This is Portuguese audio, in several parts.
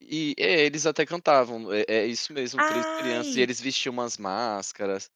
E, é, eles até cantavam, é é isso mesmo, 3 crianças e Ai. eles vestiam umas máscaras.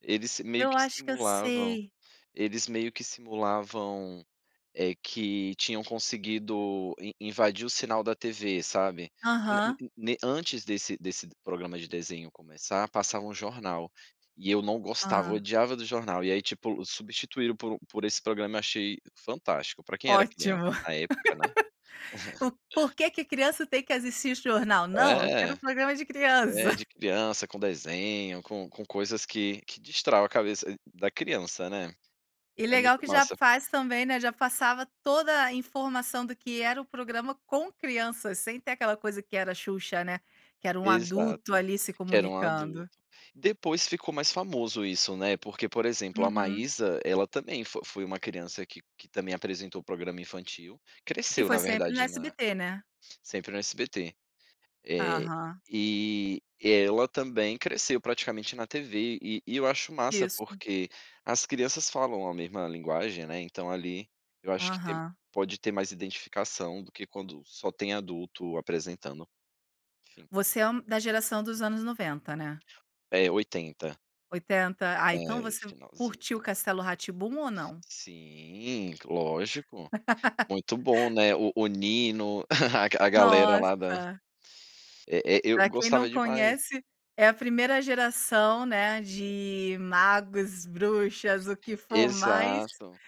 Eles meio Eu que acho que eu simulavam sei. eles meio que simulavam, eh, que tinham conseguido in invadir o sinal da TV, sabe. In ne Aham. ne ne antes desse desse programa de desenho começar, passava um jornal, e eu não gostava, eu Hã. odiava do jornal. E aí, tipo, substituíram por por esse programa, e achei fantástico, para quem era criança Ótimo, na época, né. o por que que a criança tem que assistir esse jornal? Não, eu quero É, um programa de pois criança. é, de criança com desenho, com com coisas que que destravam a cabeça da criança, né, E é legal muito que já massa. faz também, né, já passava toda a informação, do que era o programa com crianças, sem ter aquela coisa que era Xuxa, né, que era um adulto Exato, ali se que era um adulto. comunicando. Depois ficou mais famoso isso, né, porque, por exemplo, a Uhum. Maísa, ela também fo foi uma criança que que também apresentou programa infantil, E cresceu, foi na sempre no verdade na SBT, né? sempre no SBT. Eh, Aham. e ela também cresceu praticamente na TV e e eu acho massa, Isso. porque as crianças falam a mesma linguagem, né, então ali, eu acho que tem Aham. pode ter mais identificação, do que quando só tem adulto apresentando. Sim. Você é um da geração dos anos 90, né? É, 80. 80, ah, então É, você finalzinho curtiu o do Castelo Rá-Tim-Bum, ou não? Sim, lógico, muito bom, né, o o Nino, a a galera lá da Nossa. É é, eu Para quem não gostava demais. conhece, é a 1ª geração, né, de magos, bruxas, o que for mais, Exato.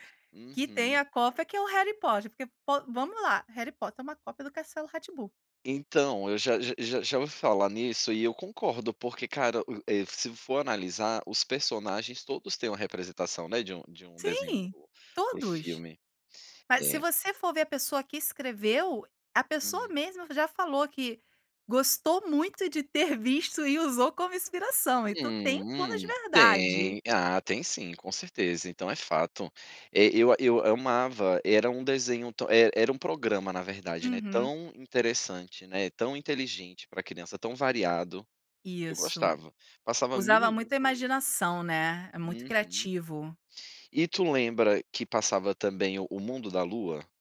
que tem Uhum. a cópia que é o Harry Potter porque, pô, vamos lá, Harry Potter é uma cópia do Castelo Rá-Tim-Bum. Então, eu já já já já ouvi falar nisso, e eu concordo, porque cara, u e se for analisar, os personagens todos têm uma representação, né, de um de um desenho para Sim, o para o todos. filme. Mas se É. você for ver, a pessoa que escreveu, a pessoa Uhum. mesmo já falou que gostou muito de ter visto e usou como inspiração. Então, tem um plano de Hum, verdade. tem, ah, tem sim, com certeza. Então, é fato. É, eu eu amava, era um desenho, e era um programa na verdade, né, Uhum. tão interessante, né, tão inteligente para criança, tão variado. Eu Isso, gostava, passava mil usava e uma muita coisas. imaginação, né, é muito Uhum. criativo. E tu lembra que passava também O Mundo da Lua?